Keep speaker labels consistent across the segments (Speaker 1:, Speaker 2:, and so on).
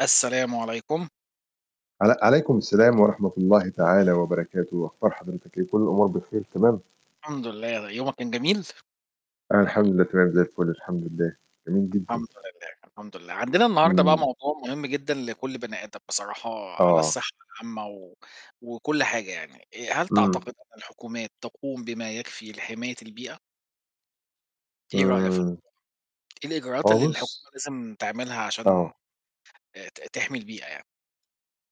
Speaker 1: السلام عليكم.
Speaker 2: عل عليكم السلام ورحمة الله تعالى وبركاته، أخبار حضرتك إيه؟ كل الأمور بخير، تمام؟
Speaker 1: الحمد لله، يومك كان جميل؟
Speaker 2: أنا الحمد لله تمام زي الفل، الحمد لله. جميل جدًا.
Speaker 1: الحمد لله، الحمد لله. عندنا النهارده بقى
Speaker 2: إمم.
Speaker 1: موضوع مهم جدًا لكل بني آدم بصراحة على
Speaker 2: آه.
Speaker 1: الساحة العامة و وكل حاجة يعني. آآ هل
Speaker 2: إمم.
Speaker 1: تعتقد أن الحكومات تقوم بما يكفي لحماية البيئة؟ إيه رأيك في
Speaker 2: إمم.
Speaker 1: [unintelligible] إيه الإجراءات
Speaker 2: هو
Speaker 1: اللي
Speaker 2: بُص
Speaker 1: الحكومة لازم تعملها عشان
Speaker 2: آه.
Speaker 1: آآ ت تحمي البيئة يعني؟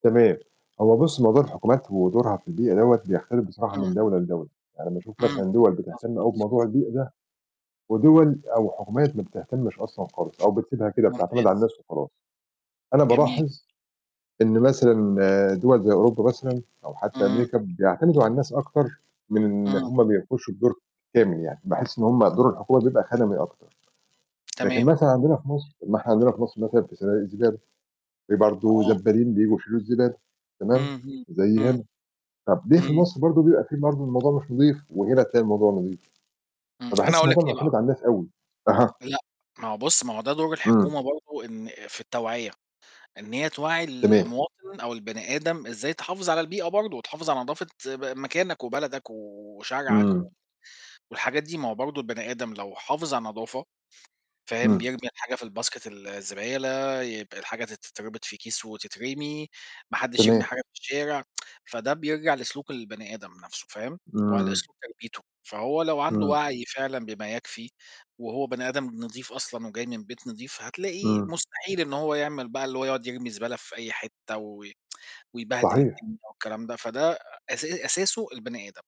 Speaker 2: تمام، هو بُص موضوع الحكومات، ودورها في البيئة، دوّة بيختلف بصراحة
Speaker 1: إمم.
Speaker 2: من دولة لدولة. يعني باشوف
Speaker 1: إمم.
Speaker 2: مثلًا دوَل بتهتم أوي
Speaker 1: مضبوط.
Speaker 2: بموضوع البيئة ده، ودوَل أو حكومات ما بتهتمِّش أصلًا خالص، أو بتسيبها كده بتعتمد على
Speaker 1: ممتاز.
Speaker 2: الناس وخلاص. أنا
Speaker 1: جميل.
Speaker 2: بالاحظ إن مثلًا دوَل زي أوروبا مثلًا، أو حتّى
Speaker 1: إمم.
Speaker 2: أمريكا، بيعتمدوا على الناس أكتر من إن
Speaker 1: إمم.
Speaker 2: هُم ما بيعملوش الدور كامل يعني. باحِس إن هُم دور الحكومة بيبقى خَدَمي أكتر، لكن
Speaker 1: تمام.
Speaker 2: مثلًا عندنا في مصر ما إحنا عندنا في مصر مثلًا في صنادِق الزبالة، في برضه
Speaker 1: آه.
Speaker 2: زبّالين بييجوا يشيلوا الزبالة تمام،
Speaker 1: اهم،
Speaker 2: زي
Speaker 1: إمم.
Speaker 2: هنا. طَب ليه في
Speaker 1: إمم.
Speaker 2: مصر برضه بيبقى في برضه الموضوع مش نضيف، وهنا تلاقي الموضوع نضيف؟
Speaker 1: إمم أنا
Speaker 2: فباحِس
Speaker 1: هاقول
Speaker 2: الموضوع
Speaker 1: لك ليه
Speaker 2: مُعتمد
Speaker 1: بقى.
Speaker 2: على الناس أوي. أها.
Speaker 1: لأ ما هو بُص، ما هو ده دور
Speaker 2: إمم.
Speaker 1: الحكومة برضه إن في التوعية، إن هي توعّي
Speaker 2: تمام.
Speaker 1: المواطن أو البني آدم، إزاي تحافظ على البيئة برضه، وتحافظ على نضافة ب مكانك، وبلدك، و وشارعك،
Speaker 2: إمم.
Speaker 1: و والحاجات دي. ما هو برضه البني آدم لو حافظ على النضافة فاهم،
Speaker 2: إمم.
Speaker 1: بيرمي الحاجة في الbasket الزبالة، يبقى الحاجة ت تتربط في كيس وتترمي، ما حدّش يرمي
Speaker 2: تمام.
Speaker 1: حاجة في الشارع، فده بيرجع لسلوك البني آدم نَفْسه، فاهم وعلى
Speaker 2: إمم.
Speaker 1: اسلوب تربيته. فهو لو عنده
Speaker 2: إمم.
Speaker 1: وَعي فعلًا بما يكفي وهو بني آدم نضيف أصلًا، وجاي من بيت نضيف، هتلاقيه
Speaker 2: إمم.
Speaker 1: مستحيل إن هو يعمل بقى، اللي هو يقعُد يرمي زبالة في أي حتّة، و ويبهدل
Speaker 2: صحيح.
Speaker 1: الدنيا والكلام ده، فده أسا أساسه البني آدم.